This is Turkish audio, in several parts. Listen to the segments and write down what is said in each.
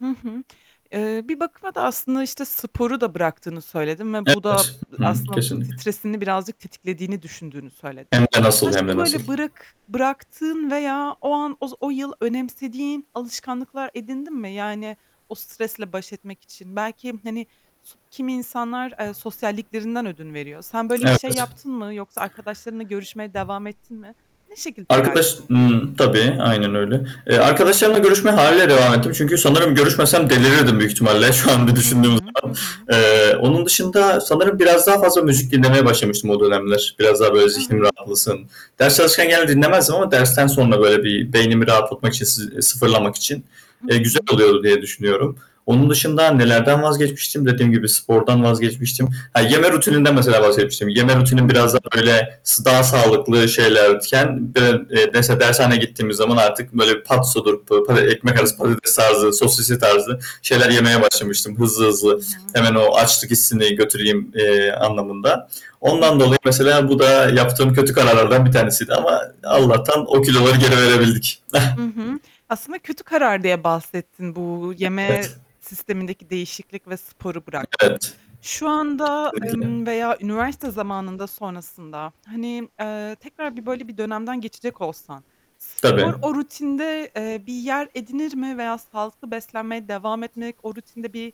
Hı hı. Eee, bir bakıma da aslında, işte, sporu da bıraktığını söyledin ve bu da ı Evet. Hıı. aslında s Kesinlikle. stresini birazcık tetiklediğini düşündüğünü söyledin. Hem de nasıl. Hem Başka de nasıl. böyle bırak bıraktığın veya o an oz o yıl önemsediğin alışkanlıklar edindin mi? Yani, o stresle baş etmek için belki, hani, so kimi insanlar, eee, sosyalliklerinden ödün veriyor. Sen böyle bir şey Evet. yaptın mı yoksa arkadaşlarınla görüşmeye devam ettin mi? Ne şekilde Arkadaş ilerledin bu yıl? ımm, tabii. Aynen öyle. Eee, arkadaşlarımla görüşmeye hâliyle devam ettim çünkü sanırım görüşmesem delirirdim büyük ihtimalle şu an bir Hı düşündüğüm hı, hı zaman. hı. Eee, onun dışında sanırım biraz daha fazla müzik dinlemeye başlamıştım o dönemler. Biraz daha böyle zihnim Aha. rahatlasın. Ders çalışırken genelde dinlemezdim ama dersten sonra böyle bir beynimi rahatlamak için, sı sıfırlamak için. Hı Eee, güzel hı. oluyor diye düşünüyorum. Onun dışında nelerden vazgeçmiştim? Dediğim gibi spordan vazgeçmiştim. Ha, yeme rutininden mesela bahsetmiştim. Yeme rutinim biraz daha Hıı. böyle, s daha sağlıklı şeylerken d eee, ders dershaneye gittiğimiz zaman artık böyle patsodur, pa pa ekmek Hı arası hı. patates tarzı, sosisli tarzı şeyler yemeye [unintelligible] başlamıştım hızlı I hızlı. hı. Hemen o açlık hissini götüreyim, eee, anlamında. Ondan dolayı mesela bu da yaptığım kötü kararlardan bir tanesiydi ama Hı hı. Allah'tan o kiloları geri verebildik. Hı hı. Aslında kötü karar diye bahsettin bu yeme Evet. sistemindeki değişiklik ve sporu bırakman. Evet. Şu anda, Kesinlikle. ımm, veya üniversite zamanında sonrasında, hani, eee, tekrar bir böyle bir dönemden geçecek olsan, spor Tabii. o rutinde, eee, bir yer edinir mi veya sağlıklı beslenmeye devam etmek o rutinde bir,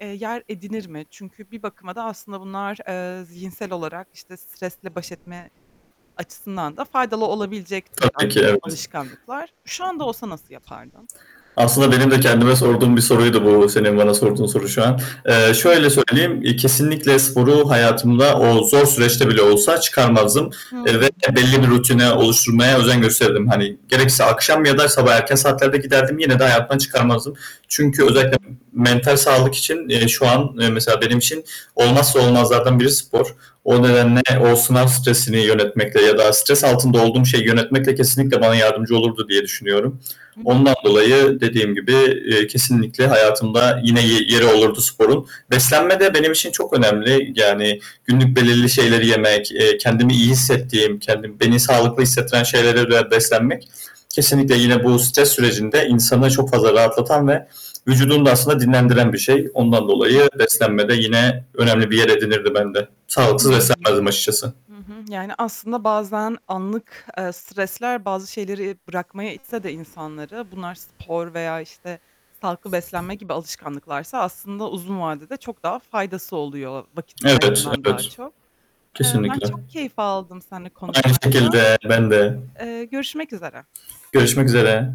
eee, yer edinir mi? Çünkü bir bakıma da aslında bunlar, eee, zihinsel olarak, işte, stresle baş etme açısından da faydalı olabilecek türden, Tabii ki. eee, Evet. alışkanlıklar. Şu anda olsa nasıl yapardın? Aslında benim de kendime sorduğum bir soruydu bu senin bana sorduğun soru şu an. Eee, Hı hı. şöyle söyleyeyim, eee, kesinlikle sporu hayatımda o zor süreçte bile olsa çıkarmazdım, Hı eee, hı. ve belli bir rutini oluşturmaya özen gösterirdim. Hani, gerekirse akşam ya da sabah erken saatlerde giderdim, yine de hayatımdan çıkarmazdım. I Çünkü hı. özellikle mental sağlık için, eee, şu an eee mesela benim için olmazsa olmazlardan biri spor. O Hıı. nedenle o sınav stresini yönetmekle ya da stres altında olduğum şeyi yönetmekle kesinlikle bana yardımcı olurdu diye düşünüyorum. Hı hı. Ondan dolayı dediğim gibi, eee, kesinlikle hayatımda yine ye yeri olurdu sporun. Beslenme de benim için çok önemli, yani, günlük belirli şeyleri yemek, eee, kendimi iyi hissettiğim, kendim beni sağlıklı hissettiren şeylere dayalı beslenmek, kesinlikle yine bu stres sürecinde insanı çok fazla rahatlatan ve vücudunu da aslında dinlendiren bir şey. Ondan Hı hı. dolayı beslenme de yine önemli bir yer edinirdi bende. I hı. Sağlıksız beslenmezdim açıkçası. Hı hı. Yani, aslında bazen anlık, eee, stresler bazı şeyleri bırakmaya itse de insanları, bunlar spor veya, işte, sağlıklı beslenme gibi alışkanlıklarsa aslında uzun vadede çok daha faydası oluyor vakit Evet. kaybından daha Evet. çok. Eee, ben Kesinlikle. çok keyif aldım seninle Aynı konuşmaktan. şekilde, ben de. Eee, görüşmek üzere. Görüşmek üzere.